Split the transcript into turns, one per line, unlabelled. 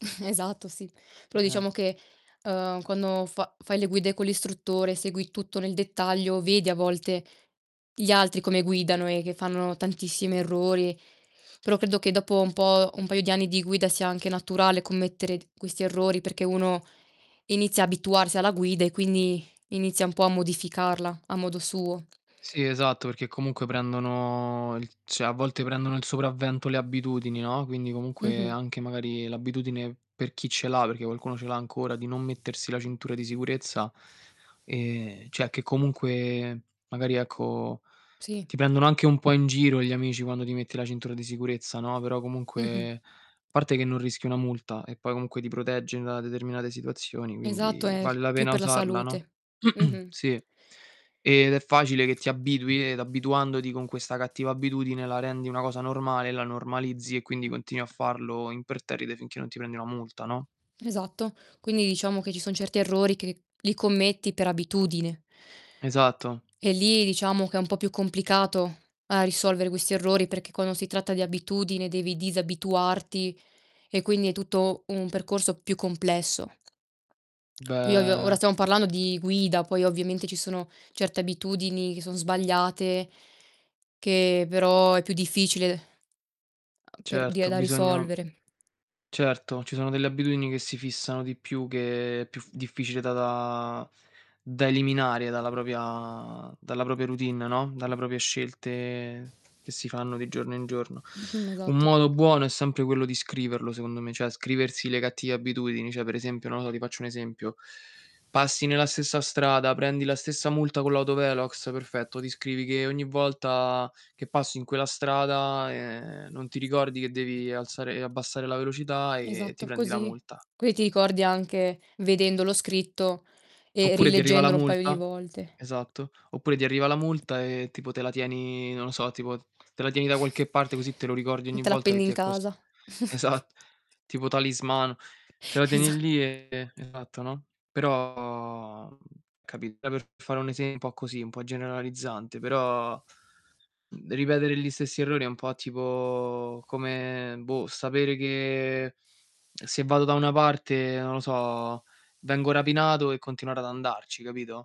Esatto, sì. Però
Eh, eh.
diciamo che, uhm, quando fa fai le guide con l'istruttore, segui tutto nel dettaglio, vedi a volte gli altri come guidano e che fanno tantissimi errori. Però, credo che dopo un po', un paio di anni di guida sia anche naturale commettere d questi errori, perché uno inizia abituarsi alla guida e quindi inizia un po' a modificarla a modo suo.
Sì esatto, perché comunque prendono il cioè, a volte prendono il sopravvento le abitudini, no, quindi comunque
Mh-mh.
anche magari l'abitudine, per chi ce l'ha, perché qualcuno ce l'ha ancora, di non mettersi la cintura di sicurezza, ehm cioè, che comunque, magari, ecco,
Sì.
ti pendono anche un po' in giro gli amici quando ti metti la cintura di sicurezza, no, però
Mh-mh.
comunque parte che non rischi una multa, e poi comunque ti protegge da determinate situazioni,
Esatto,
quindi
è
vale la
più
pena
per la
usarla, no?
salute. Mh-mh.
Sì, ed è facile che ti abitui ed abituandoti con questa cattiva abitudine, la rendi una cosa normale e la normalizzi, e quindi continui a farlo imperterrite finché non ti prendi una multa, no?
Esatto. Quindi, diciamo che ci son certi errori che li commetti per abitudine.
Esatto.
E lì, diciamo, che è un po' più complicato a risolvere questi errori, perché quando si tratta di abitudine devi disabituarti e quindi è tutto un percorso più complesso. Poi, ovvio, ora
Beh
stiamo parlando di guida, poi ovviamente ci sono certe abitudini che son sbagliate che però è più difficile a per di a
Certo,
da
bisogna
risolvere.
Certo, ci sono delle abitudini che si fissano di più, che è più f difficile da da da eliminare dalla propria dalla propria routine, no, dalla propria scelte che si fanno di giorno in giorno.
Mh-mh,
Un
esatto.
modo buono è sempre quello di scriverlo, secondo me, cioè scriversi le cattive abitudini. Cioè, per esempio, nodo ti faccio un esempio: passi nella stessa strada, prendi la stessa multa con l'autovelox, perfetto, ti scrivi che ogni volta che passi in quella strada, ehm, non ti ricordi che devi alzare e abbassare la velocità e ti
Esatto,
prendi la
così
multa.
così ti ricordi anche vedendolo scritto e
Oppure ti arriva la
rileggendolo un paio di
multa
volte.
esatto, oppure ti arriva la multa e, tipo, te la tieni, non lo so, tipo te la tieni da qualche parte così te lo ricordi
Mh,
ogni
te la
volta che
appendi
ti
in
è cos
casa.
esat tipo talismano. Te la tieni
Esa
lì, e, esatto, no, però, mhmm, capito, è per fare un esempio un po' così, un po' generalizzante però, mhmm, ripetere gli stessi errori è un po' tipo come, boh, sapere che se vado da una parte, non lo so, vengo rapinato e continuare ad andarci, capito?